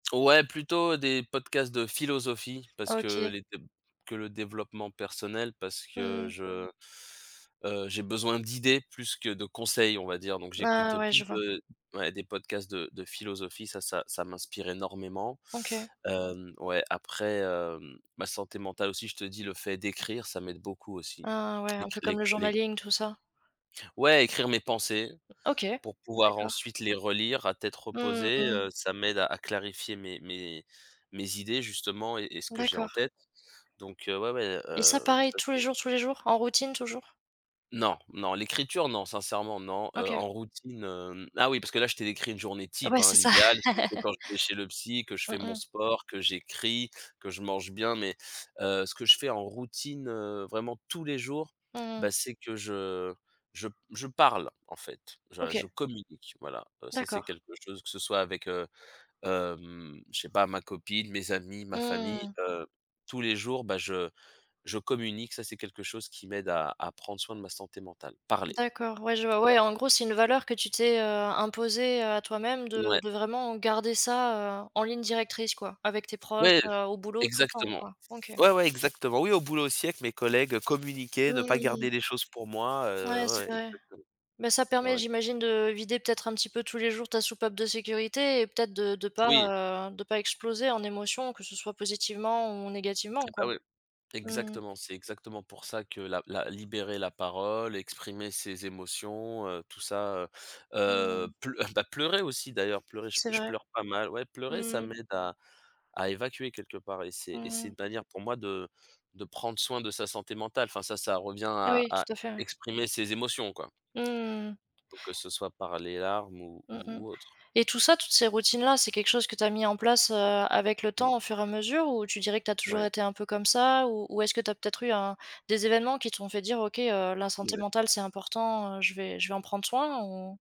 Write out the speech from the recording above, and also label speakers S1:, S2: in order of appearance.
S1: Ouais plutôt des podcasts de philosophie parce que
S2: OK.
S1: les de que le développement personnel, parce que
S2: Mmh mh.
S1: je, heu, j'ai besoin d'idées plus que de conseils on va dire, donc j'écoute
S2: Ah ouais,
S1: plus
S2: je vois.
S1: de ouais des podcasts de de philosophie, ça ça ça m'inspire énormément.
S2: OK.
S1: Hem, ouais après, hem, ma santé mentale aussi je te dis le fait d'écrire ça m'aide beaucoup aussi.
S2: Ah ouais, un peu
S1: L'écri
S2: comme
S1: l'é
S2: le
S1: l'é
S2: journaling tout ça.
S1: Ouais écrire mes pensées
S2: OK,
S1: pour pouvoir
S2: d'accord.
S1: ensuite les relire à tête
S2: Mmh
S1: reposée,
S2: mh.
S1: heu, ça m'aide à à clarifier mes mes mes mes idées justement et et ce que j'ai en
S2: D'accord.
S1: tête, donc heu, ouais, ouais, et
S2: Et ça
S1: heu,
S2: pareil
S1: ça
S2: tous les
S1: c'est
S2: jours, tous les jours, en routine toujours.
S1: Non, non l'écriture non, sincèrement, non, heu,
S2: OK.
S1: en routine, hem, ah oui parce que là je t'ai décrit une journée type,
S2: Ouais,
S1: hein.
S2: c'est ça.
S1: L'idéal c'est quand je vais chez le psy, que je
S2: Mmh
S1: fais mon
S2: mh.
S1: sport, que j'écris, que je mange bien mais heu, ce que je fais en routine, heu, vraiment tous les jours,
S2: Mmh mh.
S1: bah, c'est que je je p je parle en fait, je je
S2: OK.
S1: communique voilà. Heu, ça c'est
S2: D'accord.
S1: quelque chose que ce soit avec, heu, hem, je sais pas ma copine, mes amis, ma famille,
S2: Mmh.
S1: heu, tous les jours, bah, je je communique, ça c'est quelque chose qui m'aide à à prendre soin de ma santé mentale, parler.
S2: D'accord, ouais je vois,
S1: Ouais.
S2: ouais en gros c'est une valeur que tu t'es, heu, imposée, heu, à toi-même de
S1: Mouais.
S2: de vraiment garder ça, heu, en ligne directrice quoi, avec tes proches,
S1: Ouais,
S2: heu, au boulot tout le temps
S1: exactement.
S2: quoi. OK.
S1: Ouais, ouais exactement, oui au boulot aussi avec mes collègues communiquer, ne pas
S2: Mmh.
S1: garder les choses pour moi,
S2: Ouais
S1: heu, ouais,
S2: c'est
S1: ouais
S2: vrai,
S1: exactement.
S2: mais ça
S1: Ouais,
S2: permet
S1: ouais.
S2: j'imagine de vider, peut-être, un petit peu tous les jours ta soupape de sécurité et peut-être de de pas,
S1: Oui.
S2: heu, de pas exploser en émotions que ce soit positivement ou négativement
S1: Et bah,
S2: quoi,
S1: oui.
S2: mmh mh.
S1: Exactement, c'est exactement pour ça que la la libérer la parole, heu, exprimer ses émotions, heu, tout ça, heu, heu,
S2: Mmh.
S1: ple et beh, pleurer aussi d'ailleurs pleurer j
S2: C'est
S1: je
S2: vrai.
S1: pleure pas mal ouais pleurer ça m'aide à à évacuer quelque part et c'est, et
S2: Mmh
S1: c'est
S2: mh.
S1: une manière pour moi de de prendre soin de sa santé mentale, enfin ça ça revient à
S2: Oui
S1: à
S2: tout à fait, ouais.
S1: exprimer ses émotions, quoi.
S2: Mmh.
S1: Que ce soit par les larmes ou
S2: Mmh mh
S1: ou ou autre.
S2: et tout ça, toutes ces routines-là, c'est quelque chose que tu as mis en place, heu, avec le
S1: Mmh.
S2: temps au fur et à mesure ou tu dirais que tu as toujours
S1: Ouais.
S2: été un peu comme ça? Ou ou est-ce que tu as peut-être eu un des événements qui t'ont fait dire: «OK, heu, la santé
S1: Ouais.
S2: mentale c'est important, heu, je vais je vais en prendre soin», ou?